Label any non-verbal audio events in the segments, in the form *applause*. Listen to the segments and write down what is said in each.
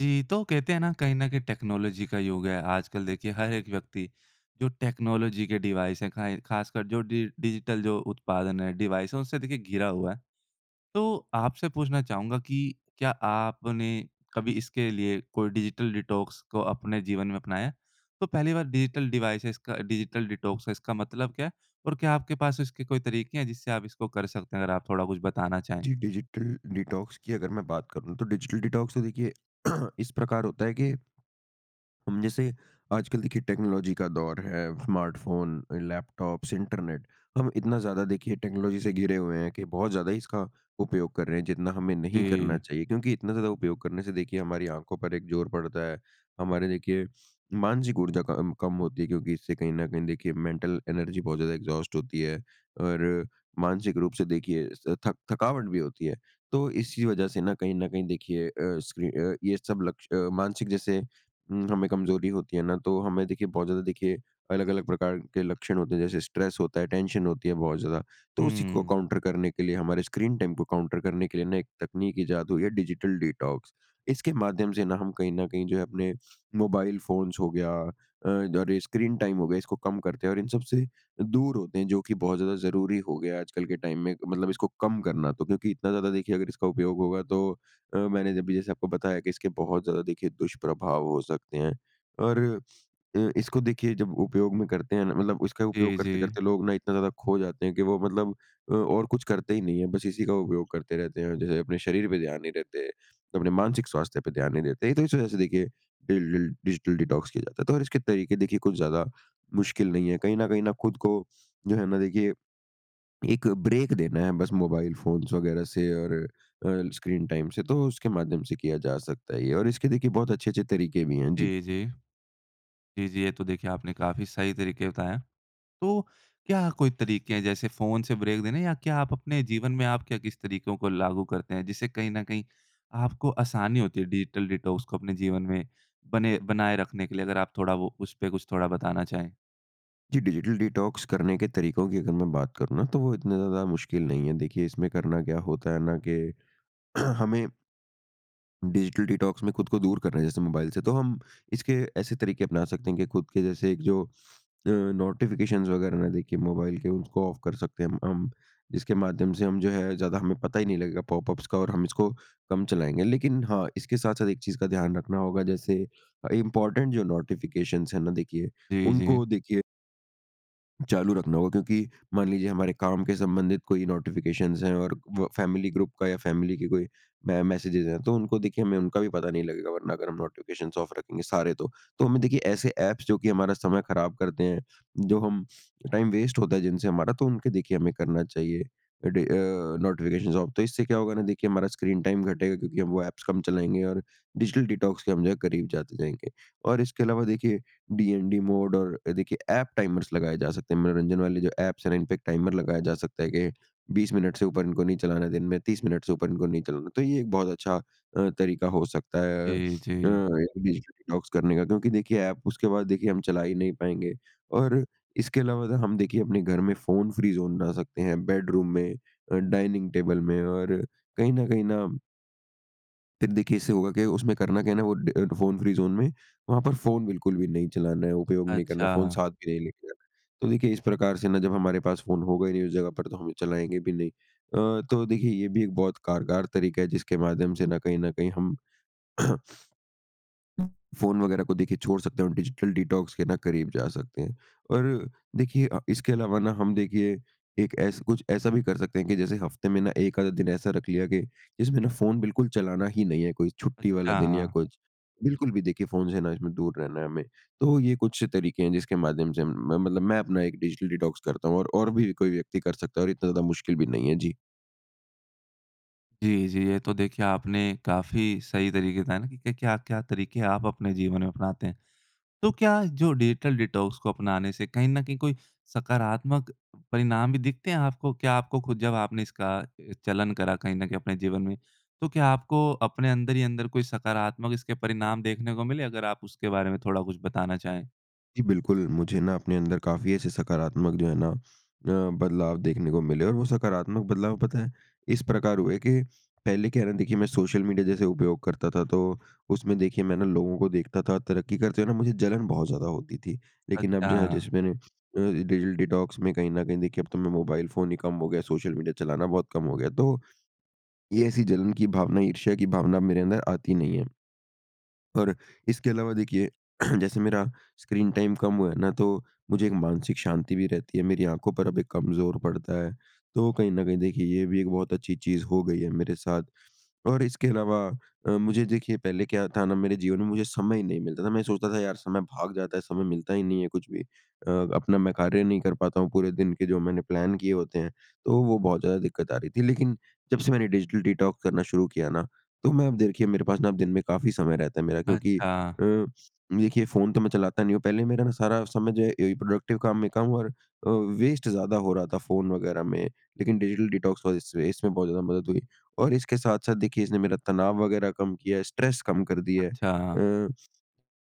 जी। तो कहते हैं ना, कहीं न कहीं टेक्नोलॉजी का युग है। आजकल देखिए हर एक व्यक्ति जो टेक्नोलॉज़ी के डिवाइस हैं खाय खास कर जो डि डिजिटल जो उत्पादन हैं डिवाइस है उनसे देखिए घिरा हुआ है। तो आपसे पूछना चाहूँगा कि क्या आपने कभी इसके लिए कोई डिजिटल डिटॉक्स को अपने जीवन में अपनाया है? तो पहली बार डिजिटल डिवाइसेज़ का डिजिटल डिटॉक्स है इसका मतलब क्या है? और क्या आपके पास इसके कोई तरीके हैं जिससे आप इसको कर सकते हैं, अगर आप थोड़ा कुछ बताना चाहें? जी। डिजिटल डिटॉक्स की अगर मैं बात करूँ तो डिजिटल डिटॉक्स तो देखिए *clears throat* इस प्रकार होता है कि हुँ, जैसे आजकल देखिए टेक्नोलॉज़ी का दौर है, स्मार्टफ़ोन, लैपटॉप्स, इंटरनेट। हम इतना ज़्यादा देखिए टेक्नोलॉज़ी से घिरे हुए हैं कि बहुत ज़्यादा ही इसका उपयोग कर रहे हैं जितना हमें नहीं करना जी। चाहिए क्योंकि इतना ज़्यादा उपयोग करने से देखिए हमारी आँखों पर एक ज़ोर पड़ता है। हमारे देखिए मानसिक ऊर्जा कम कम होती है क्योंकि इससे कहीं न कहीं देखिए मेंटल एनर्जी बहुत ज़्यादा एग्ज़ॉस्ट होती है। और मानसिक रूप से देखिए स थक थकावट भी होती है। तो इसी वज़ह से ना कहीं न कहीं देखिए अ, स्क्री अ, ये सब लक्ष अ, मानसिक जैसे उम, हमें कमज़ोरी होती है ना, तो हमें देखिए बहुत ज़्यादा देखिए अलग-अलग प्रकार के लक्षण होते हैं जैसे स्ट्रेस होता है टेंशन होती है बहुत ज़्यादा। तो उसी को हुँ। काउंटर करने के लिए हमारे स्क्रीन टाइम को काउंटर करने के लिए ना एक तकनीक इजात हुई है डिजिटल डिटॉक्स। इसके माध्यम से ना हम कहीं न कहीं जो है अपने मोबाइल फ़ोन्स हो गया अ, द और ये स्क्रीन टाइम हो गया इसको कम करते हैं और इन सबसे दूर होते हैं जो कि बहुत ज़्यादा ज़रूरी हो गया है आजकल के टाइम में मतलब इसको कम करना। तो क्योंकि इतना ज़्यादा देखिए अगर इसका उपयोग होगा तो अ, मैंने अभी जैसे आपको बताया कि इसके बहुत ज़्यादा देखिए दुष्प्रभाव हो सकते हैं। और अ, इसको देखिए जब उपयोग में करते हैं ना मतलब इसका उपयोग जी, जी। करते-करते लोग ना इतना ज़्यादा खो जाते हैं कि वो मतलब अ, और कुछ करते ही नहीं है बस इसी का उपयोग करते रहते हैं और जो है अपने शरीर पे ध्यान नहीं देते, अपने मानसिक स्वास्थ्य पे ध्यान नहीं देते। तो इस वज़ह से देखिए डिल डिल डिजिटल डिटॉक्स किया जाता है, तो और इसके तरीके देखिए कुछ ज़्यादा मुश्किल नहीं है। कहीं न कहीं न खुद को जो है ना, देखिए, एक ब्रेक देना है बस मोबाइल फ़ोन्स वग़ैरह से और अ, स्क्रीन टाइम से तो उसके माध्यम से किया जा सकता है ये और इसके देखिए बहुत अच्छे-अच्छे तरीके भी हैं। जी। जी, जी। जी, जी। ये तो देखिए आपने काफ़ी सही तरीके बताएँ हैं। तो क्या कोई तरीके हैं जैसे फ़ोन से ब्रेक देने या क्या आप अपने जीवन में आप क्या, किस तरीकों को लागू करते हैं? जिससे कहीं न कहीं आपको आसानी होती है डिजिटल डिटॉक्स को अपने जीवन में बने बनाए रखने के लिए अगर आप थोड़ा वो उसपे कुछ थोड़ा बताना चाहें? जी डिजिटल डिटॉक्स करने के तरीकों की अगर मैं बात करूँ ना तो वो इतना ज़्यादा मुश्किल नहीं है। देखिए इसमें करना क्या होता है ना कि *clears throat* हमें डिजिटल डिटॉक्स में खुद को दूर कर रहे हैं जैसे मोबाइल से तो हम इसके ऐसे तरीके अपना सकते हैं कि खुद के जैसे जो अ, नोटिफिकेशंस वगैरह ना दिखे मोबाइल के उसको ऑफ कर सकते हैं हम। उम, इसके माध्यम से हम जो है ज़्यादा हमें पता ही नहीं लगेगा पॉपअप्स का और हम इसको कम चलाएँगे। लेकिन हाँ, इसके साथ-साथ एक चीज़ का ध्यान रखना होगा जैसे अ, इम्पोर्टेंट जो नोटिफिकेशंस है ना देखिए, जी, जी। उनको देखिए चालू रखना होगा क्योंकि मान लीजिए हमारे काम के संबंधित कोई नोटिफिकेशंस हैं और व फैमिली ग्रुप का या फ़ैमिली की कोई मै मैसेजेस हैं तो उनको देखिए हमें उनका भी पता नहीं लगेगा वरना अगर हम नोटिफिकेशंस ऑफ रखेंगे सारे तो। तो हमें देखिए ऐसे ऐप्स जो कि हमारा समय खराब करते हैं। जो हम टाइम वेस्ट होता है जिनसे हमारा तो उनके देखिए हमें करना चाहिए। Day uh, notifications off. तो इससे क्या होगा ना देखिए हमारा स्क्रीन टाइम घटेगा क्योंकि हम वो ऐप्स कम चलाएँगे और डिजिटल डिटॉक्स के हम जो है करीब जाते जाएँगे। और इसके अलावा देखिए डीएनडी मोड और देखिए एप टाइमर्स लगाए जा सकते हैं। मनोरंजन वाले जो ऐप्स है ना इनपे टाइमर लगाया जा सकता है कि 20 मिनट से ऊपर इनको नहीं चलाना है दिन में, 30 मिनट से ऊपर इनको नहीं चलाना है। तो ये एक बहुत अच्छा अ, तरीका हो सकता है अ, जी, जी। डिजिटल डिटॉक्स करने का। क्योंकि देखिए एप उसके बाद देखिए हम चला ही नहीं पाएँगे। और इसके अलावा तो हम देखिए अपने घर में फ़ोन-फ्री ज़ोन बना सकते हैं बेडरूम में अ, डाइनिंग टेबल में और कहीं न कहीं ना फिर देखिए, इससे होगा क्या? उसमें करना क्या है ना? वो ड फ़ोन फ्री ज़ोन है। वहाँ पर फ़ोन बिल्कुल भी नहीं चलाना है, उपयोग नहीं करना है। फ़ोन अच्छा। साथ भी नहीं लेके जाना है। तो देखिए इस प्रकार से ना, जब हमारे पास फ़ोन होगा ही नहीं उस जगह पर, तो हम चलाएँगे भी नहीं। अ, तो देखिए ये भी एक बहुत कारगर तरीका है, जिसके माध्यम से ना कहीं न कहीं हम *coughs* *sniffs* फ़ोन वग़ैरह को देखिए छोड़ सकते हैं और डिजिटल डिटॉक्स के ना करीब जा सकते हैं। और देखिए अ, इसके अलावा ना हम देखिए एक ऐसा कुछ ऐसा भी कर सकते हैं कि जैसे हफ़्ते में ना 1 आधा दिन ऐसा रख लिया कि इसमें ना फ़ोन बिल्कुल चलाना ही नहीं है। कोई छुट्टी वाला दिन या अच्छा। कुछ, बिल्कुल भी देखिए फ़ोन से ना इसमें दूर रहना है हमें। तो ये कुछ तरीके हैं, जिसके माध्यम से हम म मतलब मैं अपना एक डिजिटल डिटॉक्स करता हूँ। और और भी कोई व्यक्ति कर सकता है और इतना ज़्यादा मुश्किल भी नहीं है। जी। जी, जी। ये तो देखिए आपने काफ़ी सही तरीके बताए ना कि क्या-क्या तरीके आप अपने जीवन में अपनाते हैं? तो क्या जो डिजिटल डिटॉक्स को अपनाने से कहीं न कहीं कोई सकारात्मक अ, परिणाम भी दिखते हैं आपको? क्या आपको खुद, जब आपने इसका अ, चलन करा कहीं न कहीं अपने जीवन में, तो क्या आपको अपने अंदर ही अंदर कोई सकारात्मक इसके परिणाम देखने को मिले? अगर आप उसके बारे में थोड़ा कुछ बताना चाहें? जी बिल्कुल। मुझे ना अपने अंदर काफ़ी ऐसे सकारात्मक जो है ना अ, बदलाव देखने को मिले और वो सकारात्मक बदलाव पता है इस प्रकार हुए कि पहले क्या है ना? देखिए, मैं सोशल मीडिया जैसे उपयोग करता था तो, उसमें देखिए मैं ना लोगों को देखता था तरक्की करते हुए ना मुझे जलन बहुत ज़्यादा होती थी। लेकिन अब जो है अच्छा। जैसे मैंने अ, डिजिल डिटॉक्स में कहीं न कहीं देखिए अब तो मैं मोबाइल फ़ोन ही कम हो गया है, सोशल मीडिया चलाना बहुत कम हो गया। तो, ये ऐसी जलन की भावना, ईर्ष्या की भावना मेरे अंदर आती नहीं है। और इसके अलावा देखिए *clears throat* जैसे मेरा स्क्रीन टाइम कम हुआ है ना तो, मुझे एक मानसिक शांति भी रहती है, मेरी आँखों पर अब एक कम ज़ोर पड़ता है। तो कहीं न कहीं देखिए ये भी एक बहुत अच्छी चीज़ हो गई है मेरे साथ। और इसके अलावा अ, मुझे देखिए पहले क्या था ना मेरे जीवन में मुझे समय ही नहीं मिलता था, मैं सोचता था यार समय भाग जाता है, समय मिलता ही नहीं है कुछ भी अ, अपना मैं कार्य नहीं कर पाता हूँ पूरे दिन के जो मैंने प्लान किए होते हैं। तो वो बहुत ज़्यादा दिक्कत आ रही थी लेकिन जब से मैंने डिजिटल डिटॉक्स करना शुरू किया ना, तो मैं अब देखिए मेरे पास ना दिन में काफ़ी समय रहता है मेरा क्योंकि अच्छा। अ, देखिए फ़ोन तो मैं चलाता नहीं हूँ पहले मेरा ना सारा समय जो है ए प्रोडक्टिव काम में कम और अ, वेस्ट ज़्यादा हो रहा था फ़ोन वग़ैरह में। लेकिन डिजिटल डिटॉक्स वज़ह से इसमें बहुत ज़्यादा मदद हुई, और इसके साथ-साथ देखिए इसने मेरा तनाव वग़ैरह कम किया है, स्ट्रेस कम कर दिया है। अच्छा। अ,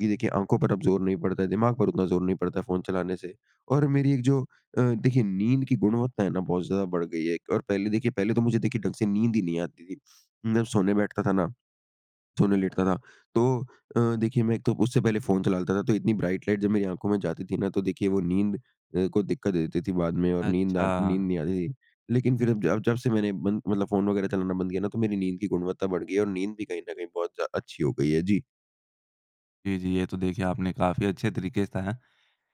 ये देखिए आँखों पर अब ज़ोर नहीं पड़ता है। दिमाग पर उतना ज़ोर नहीं पड़ता है फ़ोन चलाने से। और मेरी एक जो अ, देखिए नींद की गुणवत्ता है ना बहुत ज़्यादा बढ़ गई है। एक और पहले देखिए पहले तो मुझे देखिए ढंग से नींद ही नहीं आती थी। मैं सोने बैठता था ना। सोने लेटता था तो अ, देखिए मैं एक तो उससे पहले फ़ोन चला लेता था तो इतनी ब्राइट लाइट जब मेरी आँखों में जाती थी ना तो देखिए वो नींद अ, को दिक्कत दे देती थी बाद में और नींद आन नींद अच्छा। नहीं आती थी। लेकिन फिर अब जब जब से मैंने बन मतलब फ़ोन वग़ैरह चलाना बंद किया ना तो मेरी नींद की गुणवत्ता बढ़ गई है और नींद भी कहीं न कहीं बहुत जा अच्छी हो गई है। जी। जी, जी। ये तो देखिए आपने काफ़ी अच्छे तरीके से बताया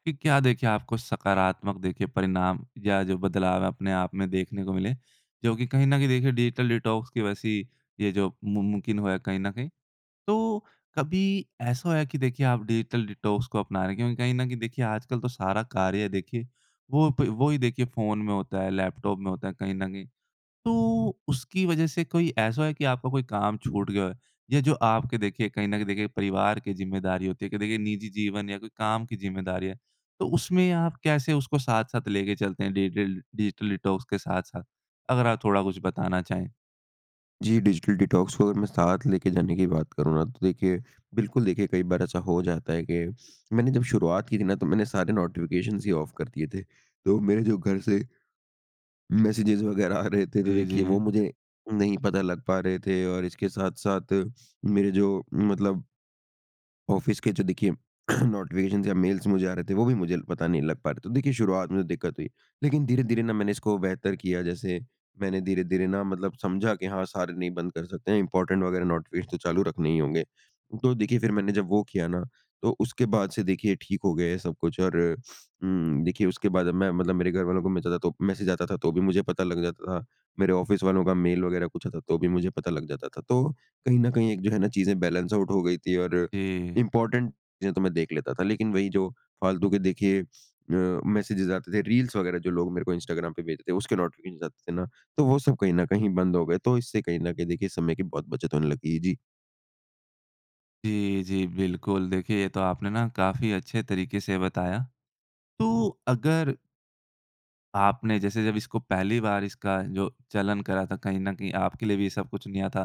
कि क्या देखिए आपको सकारात्मक देखिए परिणाम या जो बदलाव है अपने आप में देखने को मिले। जो कि कहीं न कहीं देखिए डिजिटल डिटॉक्स की वैसी ये जो मुम मुमकिन हुआ है कहीं न कहीं। तो कभी ऐसा हुआ है कि देखिए आप डिजिटल डिटॉक्स को अपना रहे हैं क्योंकि कहीं न कहीं देखिए आजकल तो सारा कार्य देखिए वो ब वो ही देखिए फ़ोन में होता है लैपटॉप में होता है कहीं न कहीं। तो उसकी वज़ह से कोई ऐसा है की आपका कोई काम छूट गया होए। या जो आपके देखिए कहीं न कहीं देखिए परिवार की ज़िम्मेदारी होती है की देखिए निजी जीवन या कोई काम की ज़िम्मेदारी है तो उसमें आप कैसे उसको साथ-साथ लेके चलते हैं? डिजिटल डिजिटल डिटॉक्स के साथ-साथ, अगर आप थोड़ा कुछ बताना चाहे? जी। डिजिटल डिटॉक्स को अगर मैं साथ लेके जाने की बात करूँ ना, तो देखिए बिल्कुल देखिए कई बार ऐसा हो जाता है कि, मैंने जब शुरुआत की थी ना, तो मैंने सारे नोटिफ़िकेशंस ही ऑफ कर दिए थे तो मेरे जो घर से *yawns* मैसेजेस वग़ैरह आ रहे थे तो जी, देखिए वो जी। मुझे नहीं पता लग पा रहे थे और इसके साथ-साथ मेरे जो मतलब ऑफ़िस के जो देखिए *clears throat* नोटिफ़िकेशंस या मेल्स मुझे आ रहे थे वो भी मुझे पता नहीं लग पा रहे थे। तो देखिए शुरुआत में दिक्कत हुई लेकिन धीरे-धीरे न मैंने इसको बेहतर किया जैसे मैंने धीरे-धीरे ना, मतलब समझा कि हाँ, सारे नहीं बंद कर सकते हैं इम्पोर्टेंट वग़ैरह नोटिफ़िकेशन तो चालू रखने ही होंगे। तो देखिए फिर मैंने जब वो किया ना तो उसके बाद से देखिए ठीक हो गए सब कुछ और *sniffs* उम, देखिए उसके बाद अब मैं मतलब मेरे घरवालों को मैं ज़्यादा तो मैसेज आता था तो भी मुझे पता लग जाता था। मेरे ऑफ़िस वालों का मेल वग़ैरह कुछ आता था तो भी मुझे पता लग जाता था तो कहीं न कहीं एक जो है ना, चीज़ें बैलेंस आउट हो गई थी और जी। इम्पोर्टेंट चीज़ें तो मैं देख लेता था। लेकिन वही जो फालतू के देखिए अ, मैसेजेस आते थे रील्स वग़ैरह जो लोग मेरे को इंस्टाग्राम पे भेजते थे उसके नोटिफ़िकेशन आते थे ना, तो वो सब कहीं न कहीं बंद हो गए तो इससे कहीं न कहीं देखिए समय की बहुत बचत होने लगी है। जी। जी, जी बिल्कुल। देखिए ये तो आपने ना काफ़ी अच्छे तरीके से बताया। तो अगर आपने जैसे जब इसको पहली बार इसका जो चलन करा था कहीं न कहीं आपके लिए भी ये सब कुछ नया था।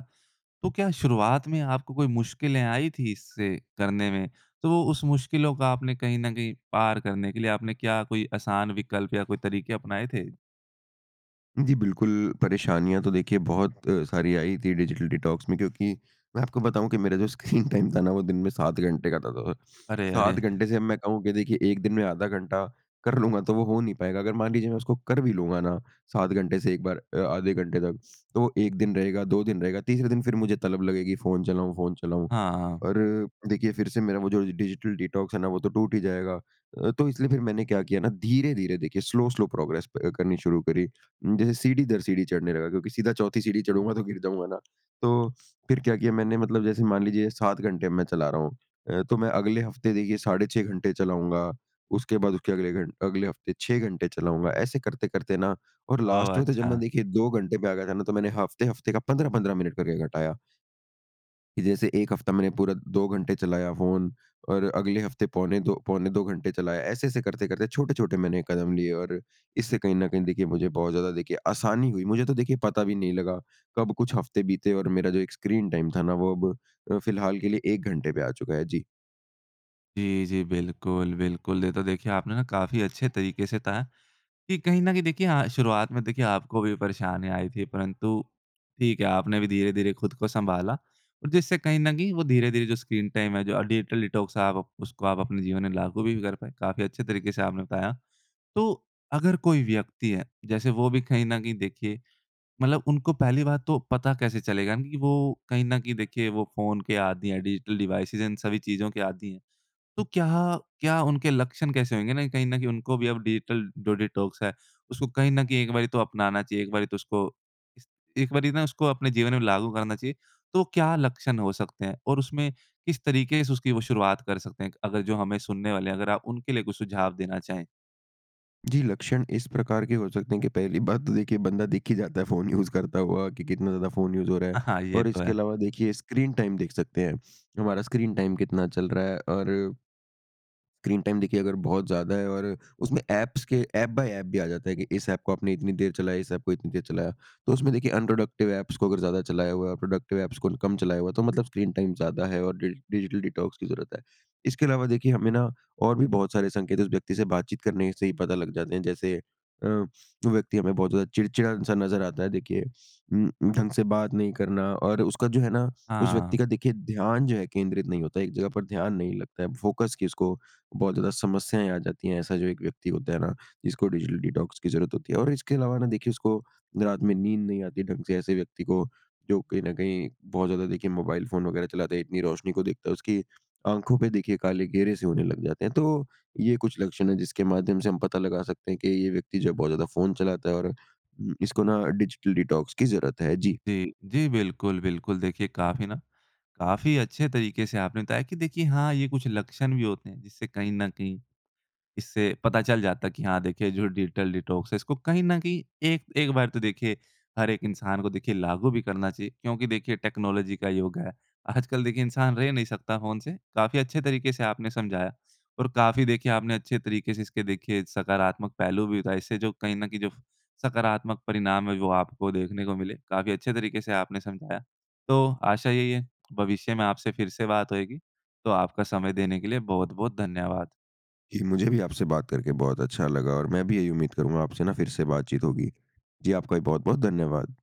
तो क्या शुरुआत में आपको कोई मुश्किलें आई थी इससे करने में, तो उस मुश्किलों का आपने कहीं ना कहीं पार करने के लिए आपने क्या कोई आसान विकल्प या कोई तरीके अपनाए थे? जी, बिल्कुल। परेशानियाँ तो देखिए बहुत सारी आई थी डिजिटल डिटॉक्स में क्योंकि मैं आपको बताऊँ कि मेरा जो स्क्रीन टाइम था ना वो दिन में 7 घंटे का त त था। अरे, अरे! 7 घंटे से अब मैं कहूँ कि देखिए 1 दिन में आधा घंटा कर लूँगा तो वो हो नहीं पाएगा। अगर मान लीजिए मैं उसको कर भी लूँगा ना 7 घंटे से एक बार अ, आधे घंटे तक, तो वो 1 दिन रहेगा 2 दिन रहेगा 3 दिन फिर मुझे तलब लगेगी फ़ोन चलाऊँ, फ़ोन चलाऊँ। हाँ, हाँ। और देखिए फिर से मेरा वो जो डिजिटल डिटॉक्स है ना वो तो टूट ही जाएगा। अ, तो इसलिए फिर मैंने क्या किया ना धीरे-धीरे देखिए स्लो-स्लो प्रोग्रेस प करनी शुरू करी। जैसे सीढ़ी दर सीढ़ी चढ़ने लगा क्योंकि सीधा चौथी सीढ़ी चढ़ूँगा तो गिर जाऊँगा ना? तो फिर क्या किया मैंने मतलब जैसे मान लीजिए 7 घंटे अब में मैं चला रहा हूँ। अ, तो मैं अगले हफ़्ते देखिए साढ़े 6 घंटे चलाऊँगा उसके बाद उसके अगले घंट अगले हफ़्ते 6 घंटे चलाऊँगा ऐसे करते करते ना और ओह, लास्ट में तो जब मैं अच्छा। देखिए 2 घंटे पे आ गया था ना तो मैंने हफ़्ते-हफ़्ते का 15-15 मिनट करके घटाया। कि जैसे एक हफ्ता मैंने पूरा 2 घंटे चलाया फ़ोन और अगले हफ़्ते पौने 2 पौने 2 घंटे चलाया ऐसे-ऐसे करते-करते छोटे छोटे मैंने कदम लिए और इससे कहीं न कहीं देखिए मुझे बहुत ज़्यादा देखिए आसानी हुई। मुझे तो देखिए पता भी नहीं लगा कब कुछ हफ़्ते बीते और मेरा जो एक स्क्रीन टाइम था ना वो अब अ, फ़िलहाल के लिए 1 घंटे पे आ चुका है, जी। जी, जी। बिल्कुल, बिल्कुल। ये तो देखिए आपने काफ़ी अच्छे तरीके से बताया कि कहीं न कहीं देखिए हाँ, शुरुआत में देखिए आपको भी परेशानी आई थी परंतु ठीक है आपने भी धीरे-धीरे खुद को संभाला और जिससे कहीं न कहीं वो धीरे-धीरे जो स्क्रीन टाइम है जो डिजिटल डिटॉक्स है आप उसको आप अपने जीवन में लागू भी कर पाए। काफ़ी अच्छे तरीके से आपने बताया। तो अगर कोई व्यक्ति है जैसे वो भी कहीं न कहीं देखिए मतलब उनको पहली बात तो पता कैसे चलेगा न कि वो कहीं न कहीं देखिए वो फ़ोन के आदि है डिजिटल डिवाइस इन सभी चीज़ों के आदि है। तो क्या क्या उनके लक्षण कैसे होंगे ना कहीं न कहीं उनको भी अब डिजिटल डो डिटॉक्स है उसको कहीं न कहीं एक बारी तो अपनाना चाहिए एक बारी तो उसको इस एक बारी ना उसको अपने जीवन में लागू करना चाहिए। तो क्या लक्षण हो सकते हैं और उसमें किस तरीके से उसकी वो शुरुआत कर सकते हैं? एक अगर जो हमें सुनने वाले हैं अगर आप उनके लिए कुछ सुझाव देना चाहें। जी। लक्षण इस प्रकार के हो सकते हैं कि पहली बात तो देखिए बंदा देखे जाता है फ़ोन यूज़ करता हुआ कि कितना ज़्यादा फ़ोन यूज़ हो रहा अ, है हाँ ये और तो इसके है। अलावा देखिए स्क्रीन टाइम देख सकते हैं। हमारा स्क्रीन टाइम कितना चल रहा है और स्क्रीन टाइम देखिए अगर बहुत ज़्यादा है और उसमें ऐप्स के ऐप बाय ऐप भी आ जाता है कि इस ऐप को आपने इतनी देर चलाया इस ऐप को इतनी देर चलाया। तो उसमें देखिए अनप्रोडक्टिव ऐप्स को अगर ज़्यादा चलाया हुआ है प्रोडक्टिव ऐप्स को कम चलाया हुआ है तो मतलब स्क्रीन टाइम ज़्यादा है और डि डिजिटल डिटॉक्स की ज़रूरत है। इसके अलावा देखिए हमें ना, और भी बहुत सारे संकेत है उस व्यक्ति से बातचीत करने से ही पता लग जाते हैं जैसे अ, व्यक्ति हमें बहुत ज़्यादा चिड़चिड़ा-सा नज़र आता है देखिए उम, उम, ढंग से बात नहीं करना और उसका जो है ना, उस व्यक्ति हाँ। का देखिए ध्यान जो है केंद्रित नहीं होता है एक जगह पर ध्यान नहीं लगता है। फ़ोकस की इसको बहुत ज़्यादा समस्याएँ आ जाती हैं ऐसा जो एक व्यक्ति होता है ना, जिसको डिजिटल डिटॉक्स की ज़रूरत होती है और इसके अलावा ना देखिए उसको रात में नींद नहीं आती ढंग से ऐसे व्यक्ति को, जो कहीं न कहीं बहुत ज़्यादा देखिए मोबाइल फ़ोन वग़ैरह चलाते है इतनी रोशनी को देखता है उसकी आँखों पे देखिए काले घेरे से होने लग जाते हैं तो ये कुछ लक्षण है जिसके माध्यम से हम पता लगा सकते हैं कि ये व्यक्ति जो है बहुत ज़्यादा फ़ोन चलाता है और उम, इसको ना डिजिटल डिटॉक्स की ज़रूरत है। जी। जी, जी बिल्कुल, बिल्कुल। देखिए काफ़ी ना, काफ़ी अच्छे तरीके से आपने बताया की देखिए हाँ, ये कुछ लक्षण भी होते हैं जिससे कहीं न कहीं इससे पता चल जाता है कि हाँ, देखिए जो डिजिटल डिटॉक्स है इसको कहीं न कहीं एक एक बार तो देखिए हर एक इंसान को देखिए लागू भी करना चाहिए क्योंकि देखिए टेक्नोलॉज़ी का योग है। आजकल देखिए इंसान रह नहीं सकता फ़ोन से, काफ़ी अच्छे तरीके से आपने समझाया और काफ़ी देखिए आपने अच्छे तरीके से इसके देखिए सकारात्मक पहलू भी बताए। इससे जो कहीं न कहीं जो सकारात्मक परिणाम है वो आपको देखने को मिले काफ़ी अच्छे तरीके से आपने समझाया। तो आशा यही है भविष्य में आपसे फिर से बात होएगी तो आपका समय देने के लिए बहुत-बहुत धन्यवाद। जी मुझे भी आपसे बात करके बहुत अच्छा लगा और मैं भी यही उम्मीद करूँगा आपसे ना फिर से बातचीत होगी। जी आपका भी बहुत-बहुत धन्यवाद।